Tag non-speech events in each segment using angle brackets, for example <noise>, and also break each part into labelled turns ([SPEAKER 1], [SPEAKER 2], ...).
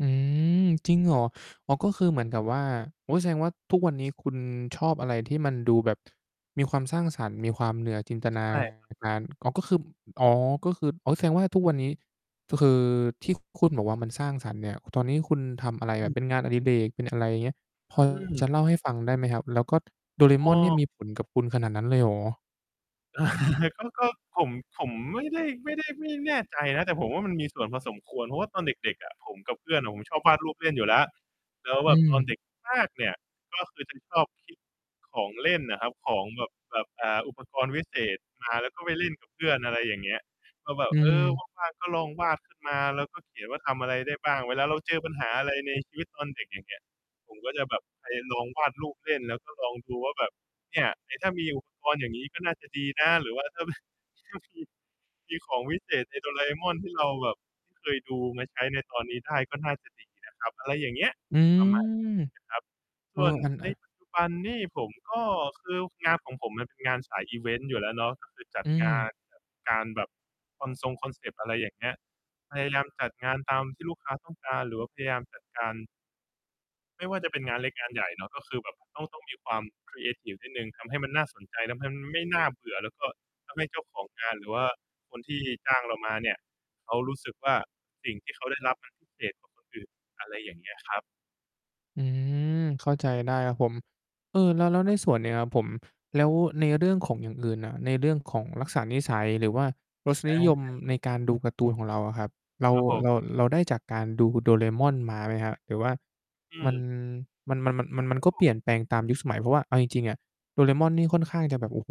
[SPEAKER 1] อืม จริงเหรอ? อ๋อ ก็คือเหมือนกับว่า โอ๊ย แสดงว่า ทุกวันนี้คุณชอบอะไรที่มันดูแบบมีความสร้างสรรค์ มีความเหนือ จินตน
[SPEAKER 2] ใ
[SPEAKER 1] า
[SPEAKER 2] ช่ครับ
[SPEAKER 1] การ อ๋อ ก็คือ ม อ๋อ ก็คือ อ๋อ แสดงว่า ทุกวันนี้ ก็คือที่คุณบอกว่า มันสร้างสรรค์เนี่ย ห ตอนนี้คุณทำอะไร
[SPEAKER 2] อ
[SPEAKER 1] แบ
[SPEAKER 2] ื
[SPEAKER 1] บ
[SPEAKER 2] ม
[SPEAKER 1] เป็นงานอดิเรก? เป็นอะไร เงี้ย พอ
[SPEAKER 2] อืม
[SPEAKER 1] จะเล่าให้ฟังได้ไหมครับ? แล้วก็โดราเอ
[SPEAKER 2] อ
[SPEAKER 1] ม
[SPEAKER 2] ้
[SPEAKER 1] อน
[SPEAKER 2] อ
[SPEAKER 1] เนี่ยมี ผลกับ คุณขนาดนั้นเลยเหรอ?
[SPEAKER 2] <chuckles> ก็ ก็ ผม ผมไม่ได้ ไม่ได้ ไม่แน่ใจนะ แต่ผมว่ามันมีส่วนพอสมควร เพราะว่าตอนเด็ก ๆ อะ ผมกับเพื่อนอะ ผมชอบวาดรูปเล่นอยู่แล้ว แล้ว
[SPEAKER 1] อื
[SPEAKER 2] แบบตอนเ
[SPEAKER 1] ม
[SPEAKER 2] ด็กมากเนี่ย ก็คือจะชอบคิ ของเล่นน่ะครับ ของแบบ แบบ อ่า อุปกรณ์วิเศษมา แล้วก็ไปเล่นกับเพื่อน อะไรอย่างเงี้ย ก็แบ
[SPEAKER 1] อ
[SPEAKER 2] บ
[SPEAKER 1] ื
[SPEAKER 2] เออ
[SPEAKER 1] ม
[SPEAKER 2] ว่าง ๆ ก็ลองวาดขึ้นมา แล้วก็เขียนว่า ทำอะไรได้บ้าง เวลาเราเจอปัญหาอะไรในชีวิตตอนเด็ก อย่างเงี้ย ผมก็จะแบบไปลองวาดรูปเล่น แล้วก็ลองดูว่าแบบ เนี่ย เอ๊ ถ้ามีอุปกรณ์ อย่างงี้ ก็น่าจะดีนะ หรือว่าถ้า แบบ ถ้ามี มีของวิเศษใน Doraemon ที่เราแบบเคยดูมาใช้ในตอนนี้ได้ ก็น่าจะดีนะครับ อะไรอย่างเงี้ย
[SPEAKER 1] อื
[SPEAKER 2] ประมาณ
[SPEAKER 1] ม
[SPEAKER 2] เนี้ยครับ
[SPEAKER 1] เ
[SPEAKER 2] ส
[SPEAKER 1] ออ
[SPEAKER 2] ่วน
[SPEAKER 1] อัน อ
[SPEAKER 2] ใน
[SPEAKER 1] า
[SPEAKER 2] ปัจจุบันนี่ผมก็ คืองานของผมมันเป็นงานสายอิเวนต์อยู่แล้วเนาะ ก็คือจั
[SPEAKER 1] อ
[SPEAKER 2] ด
[SPEAKER 1] ื
[SPEAKER 2] งาน
[SPEAKER 1] ม
[SPEAKER 2] จัดการแบบคอนซงคอนเซปต์ อะไรอย่างเงี้ย พยายามจัดงานตามที่ลูกค้าต้องการ หรือว่าพยายามจัดการ ไม่ว่าจะเป็นงานเล็กงานใหญ่เนาะ ก็คือแบบต้อง ต้องมีความครีเอทิฟนิดหนึ่ง ทำให้มันน่าสนใจ แล้วมันไม่น่าเบื่อ แล้วก็ทำให้เจ้าของงานหรือว่าคนที่จ้างเรามาเนี่ย เขารู้สึกว่า สิ่งที่เขาได้รับ มันพิเศษกว่าคนอื่น อะไรอย่างเงี้ยครับ
[SPEAKER 1] อืม เข้าใจได้ครับผม เออ แล้ว แล้ว
[SPEAKER 2] ค
[SPEAKER 1] ใน
[SPEAKER 2] รับ
[SPEAKER 1] ส่วนเนี้ยครับผม แล้วในเรื่องของอย่างอื่นน่ะ ในเรื่องของลักษณะนิสัย หรือว่ารส
[SPEAKER 2] อ
[SPEAKER 1] นิ
[SPEAKER 2] า
[SPEAKER 1] ยมในการ ดูการ์ตูน ของเราอะครับ เรา
[SPEAKER 2] ครับผ
[SPEAKER 1] เ
[SPEAKER 2] ม
[SPEAKER 1] รา เราได้จากการดู Doraemon มาไหมครับ? หรือว่า
[SPEAKER 2] อื
[SPEAKER 1] มัน
[SPEAKER 2] ม
[SPEAKER 1] มัน มัน มัน มัน มั
[SPEAKER 2] ค
[SPEAKER 1] น
[SPEAKER 2] รับ
[SPEAKER 1] ก็
[SPEAKER 2] ผ
[SPEAKER 1] เป
[SPEAKER 2] ม
[SPEAKER 1] ลี่ยนแปลงตามยุคสมัย เพราะว่าเอาจริง ๆ อะ Doraemon นี่ค่อนข้างจะแบบ โอ้โฮ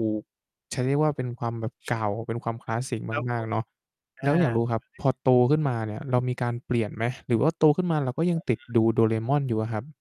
[SPEAKER 1] จะเรียกว่าเป็น
[SPEAKER 2] <chuckles>
[SPEAKER 1] ความแบบเก่า เป็นความคลาสสิก
[SPEAKER 2] ครับ
[SPEAKER 1] ม
[SPEAKER 2] ผ
[SPEAKER 1] าก ๆ
[SPEAKER 2] ม
[SPEAKER 1] เนาะ
[SPEAKER 2] อ
[SPEAKER 1] แล
[SPEAKER 2] า
[SPEAKER 1] ้ว
[SPEAKER 2] แล้
[SPEAKER 1] อยากร
[SPEAKER 2] ว
[SPEAKER 1] ู้ครับ
[SPEAKER 2] นี
[SPEAKER 1] พ
[SPEAKER 2] ่
[SPEAKER 1] อโตขึ้นมาเนี่ยเรามีการเปลี่ยนไหม? หรือว่า โตขึ้นมา เราก็ยั
[SPEAKER 2] อ
[SPEAKER 1] ง
[SPEAKER 2] า
[SPEAKER 1] ติดดู Doraemon อยู่อะครับ?